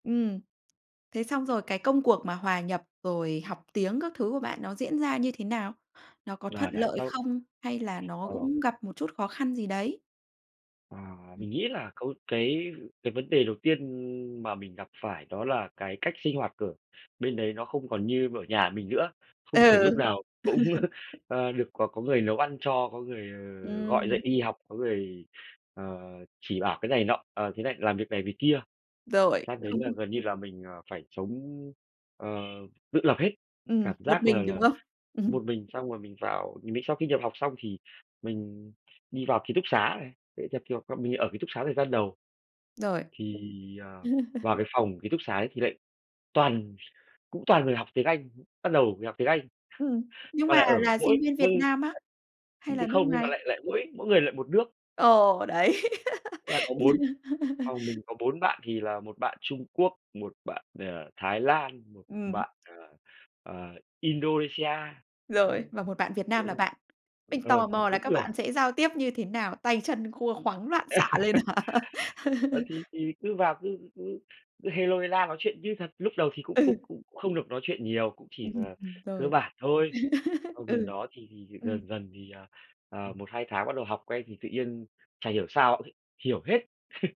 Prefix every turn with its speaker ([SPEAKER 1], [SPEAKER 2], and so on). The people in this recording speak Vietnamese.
[SPEAKER 1] Ừm. Thế xong rồi cái công cuộc mà hòa nhập, rồi học tiếng các thứ của bạn nó diễn ra như thế nào? Nó có thuận
[SPEAKER 2] Là đấy,
[SPEAKER 1] lợi
[SPEAKER 2] sau
[SPEAKER 1] không, hay là nó
[SPEAKER 2] Ờ.
[SPEAKER 1] cũng gặp một chút khó khăn gì đấy?
[SPEAKER 2] Ờ,
[SPEAKER 1] Ừm.
[SPEAKER 2] mình nghĩ là có một cái cái vấn đề đầu tiên mà mình gặp phải đó là cái cách sinh hoạt của bên đấy nó không còn như ở nhà mình nữa. Không thể lúc
[SPEAKER 1] Ừ.
[SPEAKER 2] nào cũng, à, được có có người nấu ăn cho, có người, ờ, gọi dậy
[SPEAKER 1] Ừm.
[SPEAKER 2] đi học, có người, ờ, chỉ bảo cái này nọ, ờ, thế này làm việc này, việc kia.
[SPEAKER 1] Rồi,
[SPEAKER 2] Sang đấy
[SPEAKER 1] không
[SPEAKER 2] là gần như là mình, ờ, phải sống, ờ, tự lập hết.
[SPEAKER 1] Ừm,
[SPEAKER 2] Cảm
[SPEAKER 1] một
[SPEAKER 2] giác là
[SPEAKER 1] mình, đúng
[SPEAKER 2] là
[SPEAKER 1] không? Ừm.
[SPEAKER 2] một mình, xong rồi mình vào nh mình sau khi nhập học xong thì mình đi vào ký túc xá này, đấy, theo kiểu, bọn mình ở ký túc xá thời gian đầu.
[SPEAKER 1] Rồi.
[SPEAKER 2] Thì, ờ, vào cái phòng ký túc xá ấy thì lại toàn cũng toàn người học tiếng Anh. Bắt đầu mình học tiếng Anh,
[SPEAKER 1] Ừm, nhưng
[SPEAKER 2] mà
[SPEAKER 1] mà
[SPEAKER 2] lại ở
[SPEAKER 1] là
[SPEAKER 2] mỗi
[SPEAKER 1] sinh viên Việt
[SPEAKER 2] nơi
[SPEAKER 1] Nam á?
[SPEAKER 2] [unintelligible]
[SPEAKER 1] Hay là
[SPEAKER 2] nhưng
[SPEAKER 1] nước
[SPEAKER 2] không, nhưng mà
[SPEAKER 1] ngoài?
[SPEAKER 2] lại lại mỗi mỗi người lại một nước.
[SPEAKER 1] Ồ! Đấy.
[SPEAKER 2] Là có 4, phòng mình có 4 bạn, thì là 1 bạn Trung Quốc, 1 bạn, ờ, Thái Lan, 1
[SPEAKER 1] Ừm.
[SPEAKER 2] bạn, à, à, Indonesia. Ấy,
[SPEAKER 1] Rồi, và 1 bạn Việt Nam
[SPEAKER 2] đúng
[SPEAKER 1] là
[SPEAKER 2] rồi.
[SPEAKER 1] bạn. Mình
[SPEAKER 2] Ờ,
[SPEAKER 1] tò
[SPEAKER 2] phòng
[SPEAKER 1] mò là
[SPEAKER 2] 4
[SPEAKER 1] các
[SPEAKER 2] người.
[SPEAKER 1] bạn sẽ giao tiếp như thế nào? Tay chân khua khoắng loạn xạ lên hả?
[SPEAKER 2] Ờ, thì thì cứ vào cứ cứ cứ hê lô, hê la nói chuyện như thật, lúc đầu thì cũng cũng
[SPEAKER 1] Ừ.
[SPEAKER 2] cũng không được nói chuyện nhiều, cũng chỉ là
[SPEAKER 1] Ừm,
[SPEAKER 2] cơ
[SPEAKER 1] rồi.
[SPEAKER 2] bản thôi. Xong gần
[SPEAKER 1] Ừ.
[SPEAKER 2] đó thì dần
[SPEAKER 1] Ừm.
[SPEAKER 2] dần thì, à, à, 1-2 tháng bắt đầu học quen, thì tự nhiên chả hiểu sao, ôi, hiểu hết.